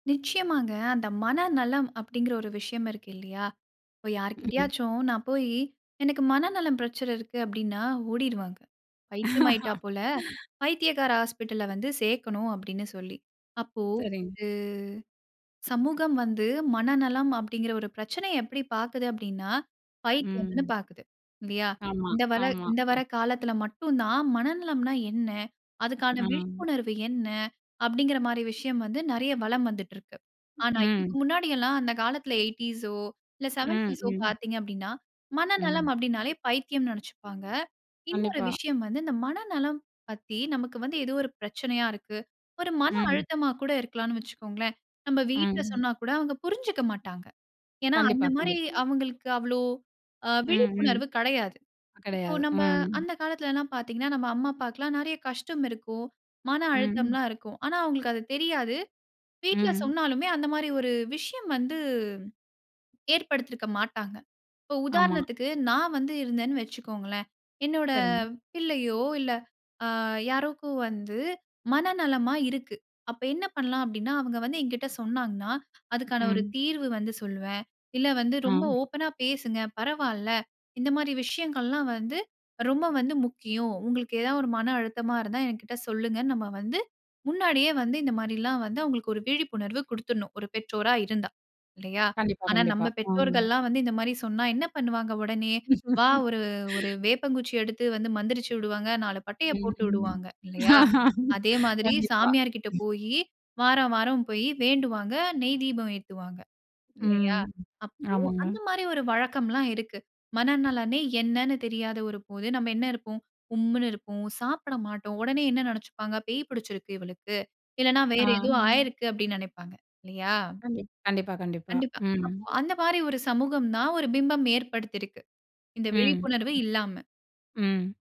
நிச்சயமாங்க. அந்த மனநலம் அப்படிங்கிற ஒரு விஷயம் இருக்கு இல்லையா? இப்போ ம். யார்கிட்டயாச்சும் நான் போய் "எனக்கு மனநலம் பிரச்சனை இருக்கு." அப்படின்னா ஓடிடுவாங்க. "பைத்தியம் ஆயிட்டா போல பைத்தியக்கார ஹாஸ்பிட்டல்ல வந்து சேர்க்கணும்." அப்படின்னு சொல்லி. அப்போ சரிங்க. அ சமூகம் வந்து மனநலம் அப்படிங்கிற ஒரு பிரச்சனைய எப்படி பாக்குது அப்படின்னா, பைத்தியம்ன்னு ம். பாக்குது இல்லையா. ஆமா, இந்த ஆமா. இந்த வர காலத்தில மட்டும் தான் மனநலம்ன்னா என்ன? அதுக்கான ம். விழிப்புணர்வு என்ன? அப்படிங்கிற மாதிரி விஷயம் வந்து நிறைய வலம் வந்துட்டு இருக்கு. ஆனா இதற்கு ம். முன்னாடி எல்லாம் அந்த காலத்தில 80ஸ் ஓ இல்ல ம், 70ஸ் ம். பார்த்தீங்க அப்படின்னா, மனநலம் ம். அப்படின்னாலே பைத்தியம்ன்னு நினைச்சுப்பாங்க. இன்னொரு கண்டிப்பா. விஷயம் வந்து இந்த மனநலம் பத்தி நமக்கு வந்து ஏதோ ஒரு பிரச்சனையா இருக்கு. ஒரு மன ம். அழுத்தமா கூட இருக்கலாம்ன்னு வச்சுக்கோங்களேன். நம்ம வீட்ல ம். சொன்னா கூட அவங்க புரிஞ்சுக்க மாட்டாங்க. ஏன்னா, கண்டிப்பா, அந்த மாரி கண்டிப்பா. அவங்களுக்கு அவ்வளவு அ ம், ம். விழிப்புணர்வு கிடையாது. இப்போ கிடையாது. நம்ம ம். அந்த காலத்தில எல்லாம் பார்த்தீங்கன்னா, நம் அம்மா அப்பாவுக்கு எல்லாம் நிறைய கஷ்டம் இருக்கும். மன அழுத்தம் ம். எல்லாம் இருக்கும். ஆனா அவங்களுக்கு அது தெரியாது. வீட்ல ம். சொன்னாலுமே அந்த மாதிரி ஒரு விஷயம் வந்து, ஏற்படுத்தியிருக்க மாட்டாங்க. இப்போ ஆமா. உதாரணத்துக்கு நான் வந்து இருந்தேன்னு வச்சுக்கோங்களேன். என்னோட சரிங்க. பிள்ளையோ இல்ல அ யாருக்கோ வந்து மன நலமா இருக்குது. அப்போ என்ன பண்ணலாம் அப்படின்னா, அவங்க வந்து என்கிட்ட சொன்னாங்கன்னா, அதுக்கான ஒரு ம். தீர்வு வந்து சொல்வேன். "இல்ல வந்து ரொம்ப ஆ. ஓப்பன்னா பேசுங்க பரவால்ல. இந்த மாரி விஷயங்கள் எல்லாம் வந்து ரொம்ப வந்து முக்கியம். உங்களுக்கு ஏதாவது ஒரு மன அழுத்தமா இருந்தா என்கிட்ட சொல்லுங்க." நம்ம வந்து முன்னாடியே வந்து இந்த மாதிரி எல்லாம் வந்து அவங்களுக்கு ஒரு விழிப்புணர்வு கொடுத்துடணும். ஒரு பெற்றோரா இருந்தா. இல்லையா. கண்டிப்பா. ஆனா கண்டிப்பா. நம்ம ம். பெற்றோர்கள்லாம் வந்து இந்த மாதிரி சொன்னா என்ன பண்ணுவாங்க உடனே? வா ஒரு ஒரு வேப்பங்குச்சி எடுத்து வந்து மந்திரிச்சு விடுவாங்க. 4 பட்டைய ம். போட்டு ம். விடுவாங்க. இல்லையா? அதே மாதிரி கண்டிப்பா. சாமியார் கிட்ட போய் வாரம் வாரம் போய் வேண்டுவாங்க. நெய் தீபம் ஏத்துவாங்க. இல்லையா? ம். அப்போ ஆமாங்க. அந்த மாதிரி ஒரு வழக்கம்லாம் இருக்குது. மனநலனே என்னன்னு தெரியாத ஒரு போது நம்ம என்ன இருப்போம் உம்முன்னு இருப்போம், சாப்பிட மாட்டோம். உடனே என்ன நினைச்சுப்பாங்க "பேய் பிடிச்சிருக்கு இவளுக்கு. இல்லன்னா ஆ. வேற ஏதோ ஆயிருக்குது" அப்படின்னு நினைப்பாங்க. இல்லையா? கண்டிப் கண்டிப்பா, கண்டிப்பா. கண்டிப்பா. ம். அந்த மாதிரி ஒரு சமூகம் தான் ஒரு பிம்பம் ஏற்படுத்திருக்கு, இந்த ம். விழிப்புணர்வு இல்லாம. ம்.